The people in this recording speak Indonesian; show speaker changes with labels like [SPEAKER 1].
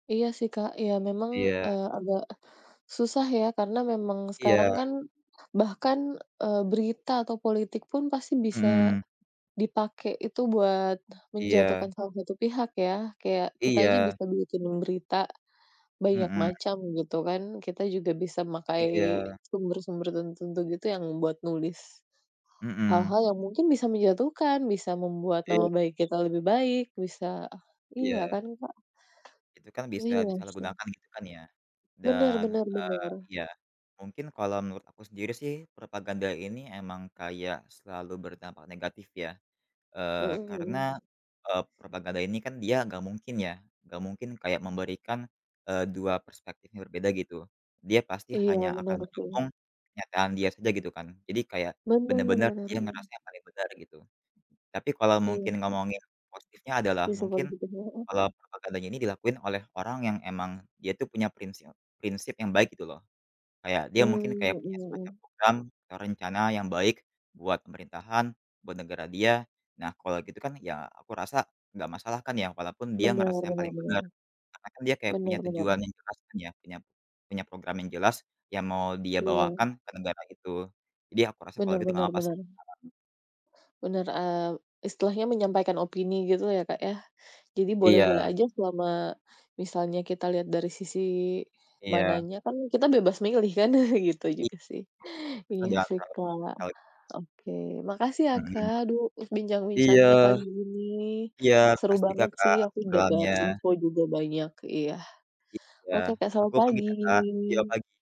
[SPEAKER 1] Iya sih Kak, ya memang,
[SPEAKER 2] Iya.
[SPEAKER 1] eee, agak, susah ya, karena memang sekarang
[SPEAKER 2] Iya.
[SPEAKER 1] kan bahkan, eee, berita atau politik pun pasti bisa,
[SPEAKER 2] Mhm.
[SPEAKER 1] dipakai itu buat menjatuhkan
[SPEAKER 2] Iya.
[SPEAKER 1] salah satu pihak ya. Kayak, kita aja
[SPEAKER 2] Iya.
[SPEAKER 1] bisa bikin berita, banyak
[SPEAKER 2] Mhm.
[SPEAKER 1] macam, gitu kan. Kita juga bisa memakai,
[SPEAKER 2] Iya.
[SPEAKER 1] sumber-sumber tertentu gitu yang buat nulis,
[SPEAKER 2] Mhm.
[SPEAKER 1] hal-hal yang mungkin bisa menjatuhkan, bisa membuat nama
[SPEAKER 2] Iya.
[SPEAKER 1] baik kita lebih baik, bisa iya
[SPEAKER 2] Iya.
[SPEAKER 1] kan Kak.
[SPEAKER 2] Itu kan bisa
[SPEAKER 1] Iya sih.
[SPEAKER 2] disalahgunakan gitu kan ya,
[SPEAKER 1] Benar
[SPEAKER 2] dan,
[SPEAKER 1] benar
[SPEAKER 2] eee,
[SPEAKER 1] benar.
[SPEAKER 2] iya, mungkin kalau menurut aku sendiri sih, propaganda ini emang kayak selalu berdampak negatif ya.
[SPEAKER 1] Mhm
[SPEAKER 2] Eee, karena,
[SPEAKER 1] mmm.
[SPEAKER 2] e propaganda ini kan dia nggak mungkin ya, nggak mungkin kayak memberikan, eee, 2 perspektif yang berbeda gitu. Dia pasti
[SPEAKER 1] Iya
[SPEAKER 2] hanya akan
[SPEAKER 1] benar sih.
[SPEAKER 2] ngomong, kenyataan dia saja gitu kan. Jadi kayak,
[SPEAKER 1] Benar
[SPEAKER 2] benar-benar
[SPEAKER 1] benar
[SPEAKER 2] dia
[SPEAKER 1] benar.
[SPEAKER 2] ngerasa yang paling benar, gitu. Tapi kalau
[SPEAKER 1] Iya
[SPEAKER 2] mungkin
[SPEAKER 1] sih.
[SPEAKER 2] ngomongin positifnya adalah,
[SPEAKER 1] Sisi
[SPEAKER 2] mungkin,
[SPEAKER 1] positifnya heeh.
[SPEAKER 2] kalau propaganda ini dilakuin oleh orang yang emang, dia tuh punya prinsil prinsip yang baik gitu loh. Kayak dia
[SPEAKER 1] Mmm,
[SPEAKER 2] mungkin kayak punya
[SPEAKER 1] mhm
[SPEAKER 2] semacam
[SPEAKER 1] mhm.
[SPEAKER 2] program atau rencana yang baik buat pemerintahan, buat negara dia, nah kalau gitu kan ya, aku rasa, nggak masalah kan ya, walaupun dia ngerasa
[SPEAKER 1] Benar
[SPEAKER 2] yang
[SPEAKER 1] benar
[SPEAKER 2] paling
[SPEAKER 1] benar.
[SPEAKER 2] benar. Karena kan dia kayak punya
[SPEAKER 1] Benar benar.
[SPEAKER 2] tujuan yang jelas kan ya, punya punya program yang jelas, yang mau dia
[SPEAKER 1] Iya.
[SPEAKER 2] bawakan ke negara itu. Jadi aku rasa kalau
[SPEAKER 1] Benar
[SPEAKER 2] gitu nggak
[SPEAKER 1] benar
[SPEAKER 2] apa-apa sih
[SPEAKER 1] benar.
[SPEAKER 2] [unintelligible]
[SPEAKER 1] Benar, eee, istilahnya menyampaikan opini gitu ya Kak ya. Jadi boleh-boleh
[SPEAKER 2] Iya.
[SPEAKER 1] aja selama, misalnya kita lihat dari sisi
[SPEAKER 2] Iya.
[SPEAKER 1] mananya kan kita bebas milih kan, gitu juga sih, iya sih Kak.
[SPEAKER 2] [unintelligible]
[SPEAKER 1] Oke, makasih ya
[SPEAKER 2] Mhm.
[SPEAKER 1] Kak, duh
[SPEAKER 2] Iya.
[SPEAKER 1] bincang-bincangnya pagi ini,
[SPEAKER 2] Iya,
[SPEAKER 1] seru
[SPEAKER 2] makasih juga
[SPEAKER 1] banget
[SPEAKER 2] Kak,
[SPEAKER 1] sih
[SPEAKER 2] atas
[SPEAKER 1] aku dapat
[SPEAKER 2] obrolannya.
[SPEAKER 1] info juga banyak, iya,
[SPEAKER 2] Iya,
[SPEAKER 1] oke Kak, selamat
[SPEAKER 2] aku pamit ya Kak, iya
[SPEAKER 1] pagi.
[SPEAKER 2] pagi.